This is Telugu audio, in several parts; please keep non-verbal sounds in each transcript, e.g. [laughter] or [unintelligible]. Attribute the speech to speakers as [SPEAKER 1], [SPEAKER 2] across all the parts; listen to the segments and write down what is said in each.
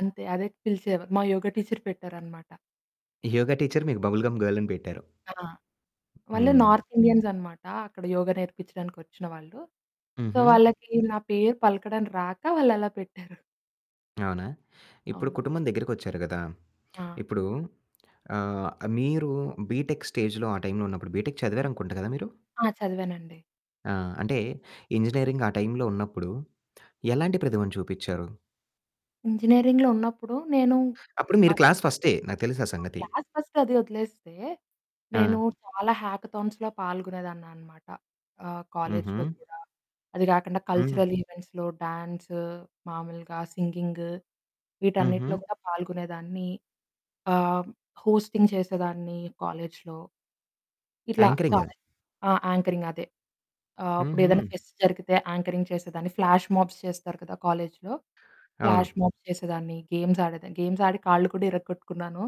[SPEAKER 1] అంతే అదే. పిలిచేవా మా యోగ టీచర్ పెట్టారనమాట.
[SPEAKER 2] యోగ టీచర్ మీకు బబుల్ గమ్ గర్ల్ అని పెట్టారు.
[SPEAKER 1] ఆ! వాళ్ళు
[SPEAKER 2] హ్మ్.
[SPEAKER 1] నార్త్ ఇండియన్స్ అనమాట. అక్కడ యోగ నేర్పిచ్చడానికి వచ్చిన వాళ్ళు. సో
[SPEAKER 2] హుహు.
[SPEAKER 1] వాళ్ళకి నా పేరు పలకడం రాక వాళ్ళలా పెట్టారు.
[SPEAKER 2] అవునా? ఇప్పుడు
[SPEAKER 1] అవును.
[SPEAKER 2] కుటుంబం దగ్గరికొచ్చారు కదా!
[SPEAKER 1] ఆ!
[SPEAKER 2] ఇప్పుడు ఆహ్, మీరు బీ‌టెక్ స్టేజ్‌లో ఆ టైమ్‌లో ఉన్నప్పుడు బీటెక్ చదివారనుకుంట కదా మీరు?
[SPEAKER 1] ఆ! చదివానండి.
[SPEAKER 2] ఆ! అంటే ఇంజినీరింగ్ ఆ టైమ్‌లో ఉన్నప్పుడు [smacks lips] ఎలాంటి ప్రతిభను చూపిచారు?
[SPEAKER 1] ఇంజినీరింగ్‌లో ఉన్నప్పుడు నేను
[SPEAKER 2] అప్పుడు మీరు
[SPEAKER 1] అవ్
[SPEAKER 2] క్లాస్ ఫస్టే నాకు తెలుసు ఆ
[SPEAKER 1] ఆ!
[SPEAKER 2] సంగతి.
[SPEAKER 1] క్లాస్ ఫస్ట్ అది వదిలేస్తే, నేను
[SPEAKER 2] ఆ!
[SPEAKER 1] చాలా హ్యాకథాన్స్‌లొ పాల్గొనేదాన్నమాట. ఆహ్,
[SPEAKER 2] హుహు.
[SPEAKER 1] కాలేజీలొ కూడా. అది గాకండా
[SPEAKER 2] హ్మ్.
[SPEAKER 1] కల్చరల్ ఈవెంట్స్‌లొ, డ్యాన్స్, మామూలుగా సింగింగ్ వీటన్నిటిలో
[SPEAKER 2] హుహు.
[SPEAKER 1] కూడా పాల్గొనేదాన్ని. ఆహ్, హోస్టింగ్ చేసేదాన్ని కాలేజీలో. ఇట్లా
[SPEAKER 2] యాంకరింగ్.
[SPEAKER 1] చాలా ఆహ్, యాంకరింగ్ అదే. ఆహ్, ఉప్పుడేదన్నా
[SPEAKER 2] హుహు.
[SPEAKER 1] ఫెస్ట్ జరిగితే యాంకరింగ్ చేసేదాన్ని. ఫ్లాష్ మబ్స్ చేస్తారు కదా! కాలేజీలో
[SPEAKER 2] అవును.
[SPEAKER 1] ఫ్లాష్ మబ్స్ చేసేదాన్ని. గేమ్స్ ఆడేదాన్ని. గేమ్స్ ఆడి కాళ్ళు కూడా ఇరగొట్టుకున్నాను.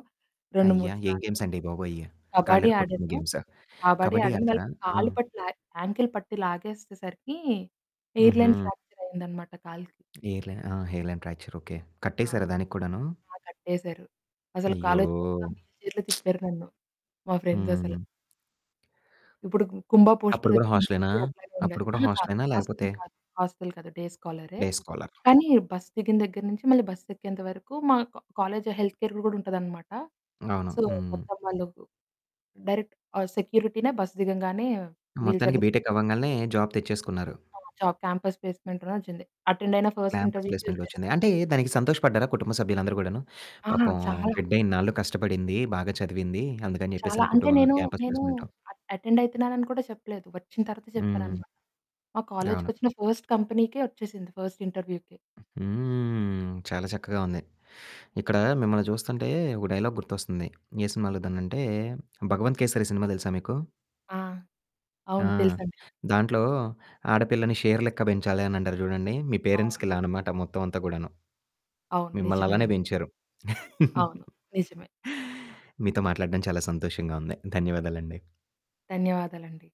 [SPEAKER 1] రెండు
[SPEAKER 2] అయ్యా!
[SPEAKER 1] మూడు
[SPEAKER 2] ఏం
[SPEAKER 1] సార్లు
[SPEAKER 2] గేమ్స్ అండి బాబోయ్!
[SPEAKER 1] కబడ్డీ
[SPEAKER 2] కాళ్ళిరకొట్టుకున్న
[SPEAKER 1] ఆడాను.
[SPEAKER 2] గేమ్స్
[SPEAKER 1] కబడ్డీ
[SPEAKER 2] కబడ్డీ
[SPEAKER 1] ఆడాను.
[SPEAKER 2] ఆడతారా?
[SPEAKER 1] వాళ్ళకి
[SPEAKER 2] ఆ!
[SPEAKER 1] కాళ్ళు పట్టు లా యాంకిల్ పట్టి లాగేస్తేసరికి ఎయిర్‌లైన్
[SPEAKER 2] హుహు.
[SPEAKER 1] ఫ్రాక్చర్ అయిందనమాట కాలికి.
[SPEAKER 2] ఎయిర్‌లైన్ ఆ! Hairline fracture okay.
[SPEAKER 1] ఆ!
[SPEAKER 2] కట్టేశారా దానికి కూడాను?
[SPEAKER 1] ఆ! కట్టేశారు. అసలు
[SPEAKER 2] అయ్యో!
[SPEAKER 1] కాలేజీ మొత్తం వీల్ చైర్‌లొ
[SPEAKER 2] [smacks lips]
[SPEAKER 1] తిప్పారు నన్ను. మా ఫ్రెండ్స్ అసల.
[SPEAKER 2] హ్మ్.
[SPEAKER 1] ఇప్పుడు కు కుంభ పోస్టర్
[SPEAKER 2] అప్పుడు గూడా
[SPEAKER 1] వచ్చింది.
[SPEAKER 2] హోస్టలేనా?
[SPEAKER 1] [unintelligible] ఉండదు.
[SPEAKER 2] అప్పుడు కూడా
[SPEAKER 1] అహా! కాదు
[SPEAKER 2] హోస్టలేనా
[SPEAKER 1] హోస్టల్
[SPEAKER 2] లేకపోతే?
[SPEAKER 1] కాదు. హోస్టల్ కాదు. డే స్కాలరే.
[SPEAKER 2] Day scholar.
[SPEAKER 1] కానీ బస్ దిగిన దగ్గర నుంచి మళ్ళీ బస్ ఎక్కేంత వరకు మా కాలేజీలో హెల్త్ కేర్‌‌ది కూడా ఉంటదనమాట.
[SPEAKER 2] అవును.
[SPEAKER 1] So
[SPEAKER 2] hmm.
[SPEAKER 1] మొత్తం వాళ్ళు. డైరెక్ట్ సెక్యూరిటీనే బస్ దిగంగానే వీల్
[SPEAKER 2] మొత్తానికి
[SPEAKER 1] చైర్‌లో
[SPEAKER 2] బీటెక్
[SPEAKER 1] తిప్పుతారు.
[SPEAKER 2] అవ్వంగాల్నే జాబ్ తెచ్చేసుకున్నారు.
[SPEAKER 1] ఆ! జాబ్ క్యాంపస్ ప్లేస్‌మెంట్‌లోని వచ్చింది. అటెండ్ అయిన ఫస్ట్
[SPEAKER 2] క్యాంపస్
[SPEAKER 1] ఇంటర్వ్యూకే
[SPEAKER 2] ప్లేస్మెంట్‌లో
[SPEAKER 1] వచ్చేసింది.
[SPEAKER 2] వచ్చింది. అంటే దానికి సంతోషపడ్డారా కుటుంబ సభ్యులందరూ గూడాను?
[SPEAKER 1] ఆ!
[SPEAKER 2] పాపం
[SPEAKER 1] చాలా.
[SPEAKER 2] బిడ్డ ఇన్నాళ్లు కష్టపడింది. బాగా చదివింది. అందుకని
[SPEAKER 1] చాలా అంటే
[SPEAKER 2] చెప్పేసనుకుంటూ
[SPEAKER 1] నేను
[SPEAKER 2] క్యాంపస్
[SPEAKER 1] నేను
[SPEAKER 2] ప్లేస్మెంట్‌లో
[SPEAKER 1] అటెండ్ అయితున్నానని కూడా చెప్పలేదు. వచ్చిన తరువాత
[SPEAKER 2] హ్మ్.
[SPEAKER 1] చెప్పాననమాట. మా
[SPEAKER 2] అవును.
[SPEAKER 1] కాలేజీకొచ్చిన ఫస్ట్ కంపెనీకే వచ్చేసింది ఫస్ట్ ఇంటర్వ్యూకి.
[SPEAKER 2] హ్మ్.
[SPEAKER 1] అది
[SPEAKER 2] చాలా చక్కగా ఉంది. ఇక్కడ మిమ్మల్ని చూస్తుంటే, ఒక డైలాగ్ గుర్తొస్తుంది. ఏ సినిమాలో దాన్నంటే. 'భగవంత్ కేసరి' సినిమా తెలుసా మీకు?
[SPEAKER 1] ఆ!
[SPEAKER 2] ఆ!
[SPEAKER 1] అవును. తెలుసండి.
[SPEAKER 2] దాంట్లో ఆడపిల్లని షేర్ లెక్క పెంచాలి అని అంటారు చూడండి. మీ పేరెంట్స్‌కి
[SPEAKER 1] అవును.
[SPEAKER 2] ఇలా అనమాట మొత్తం అంతా గూడాను.
[SPEAKER 1] అవును.
[SPEAKER 2] మిమ్మల్ని అలానే
[SPEAKER 1] నిజమేనండి.
[SPEAKER 2] పెంచారు.
[SPEAKER 1] అవును.
[SPEAKER 2] [chuckles]
[SPEAKER 1] నిజమే.
[SPEAKER 2] మీతో మాట్లాడడం చాలా సంతోషంగా ఉంది. ధన్యవాదాలండి.
[SPEAKER 1] ధన్యవాదాలండి.